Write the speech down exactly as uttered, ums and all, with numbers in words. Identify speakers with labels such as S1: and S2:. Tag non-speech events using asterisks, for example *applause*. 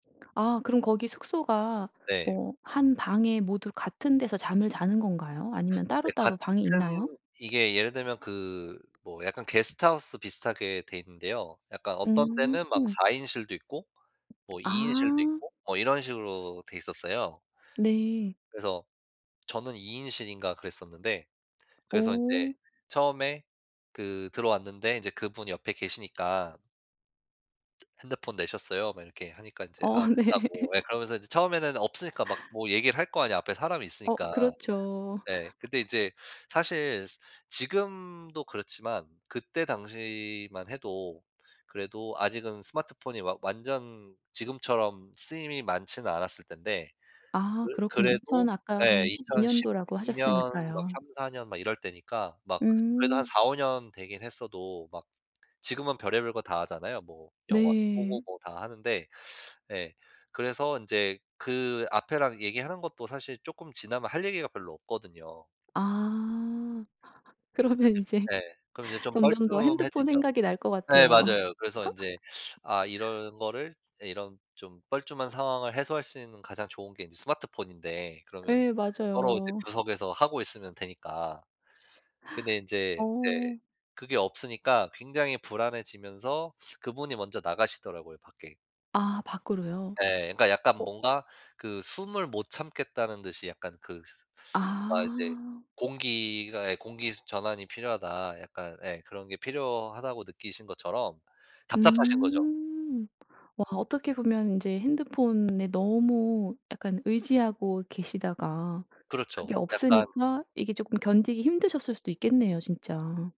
S1: 아 그럼 거기 숙소가
S2: 네.
S1: 한 방에 모두 같은 데서 잠을 자는 건가요?
S2: *laughs*
S1: 아니면
S2: 네
S1: 따로따로 방이 있나요?
S2: 같은 이게 예를 들면 그 뭐 약간 게스트하우스 비슷하게 돼 있는데요. 약간 어떤
S1: 음.
S2: 데는 막 사 인실도 있고 뭐 이 인실도
S1: 아.
S2: 있고 뭐 이런 식으로 돼있었어요.
S1: 네.
S2: 그래서 저는 이 인실인가 그랬었는데 그래서 인제
S1: 오.
S2: 처음에 그 들어왔는데 이제 그분이 옆에 계시니까 "핸드폰 내셨어요?" 막 이렇게 하니까 이제
S1: 어
S2: 아
S1: 네.
S2: 냈다고 예 그러면서 이제 처음에는 없으니까 막 뭐 얘기를 할 거 아니에요, 앞에 사람이
S1: 어
S2: 있으니까.
S1: 그렇죠.
S2: 네 근데
S1: *laughs*
S2: 이제 사실 지금도 그렇지만 그때 당시만 해도 그래도 아직은 스마트폰이 막 완전 지금처럼 쓰임이 많지는 않았을 때 인데
S1: 아
S2: 그
S1: 그렇군요. 이천
S2: 그래도
S1: 아까
S2: 네
S1: 한 십이 년도라고
S2: 이천십이 년 막
S1: 하셨으니까요.
S2: 삼사 년 막 이럴 때니까 막 그래도 한
S1: 음.
S2: 사오 년 되긴 했어도 막 지금은 별의별 거 다 하잖아요. 뭐 영화도 보고
S1: 네.
S2: 뭐 다 하는데 예 그래서 인제 그 앞에랑 얘기하는 것도 사실 쪼끔 지나면 할 얘기가 별로 없거든요.
S1: 아. *laughs*
S2: 그
S1: 그러면
S2: 뒤로
S1: 이제
S2: 예. 그럼 이제 좀
S1: 점점 더 핸드폰
S2: 뻘쭘해지죠.
S1: 생각이 날 것
S2: 네
S1: 같아요.
S2: 맞아요. 그래서 인제 아
S1: *laughs*
S2: 이런 거를 이런 좀 뻘쭘한 상황을 해소할 수 있는 가장 좋은 게 이제 스마트폰인데 그러면
S1: 예
S2: 서로 이제
S1: 맞아요.
S2: 구석에서 하고 있으면 되니까. 근데 인제 네
S1: 어.
S2: 그게 없으니까 굉장히 불안해지면서 그분이 먼저 나가시더라고요 밖에.
S1: 아 밖으로요?
S2: 예. 그러니까 약간
S1: 어
S2: 뭔가 그 숨을 못 참겠다는 듯이 약간 그 뭔가 이제
S1: 아.
S2: 공기가 예 '공기 전환이 필요하다.' 약간 예 그런 게 필요하다고 느끼신 것처럼 답답하신 거죠.
S1: 음. 와 어떻게 보면 인제 핸드폰에 너무 약간 의지하고 계시다가
S2: 그렇죠.
S1: 그게
S2: 약간
S1: 없으니까 이게 쪼끔 견디기 힘드셨을 수도 있겠네요 진짜.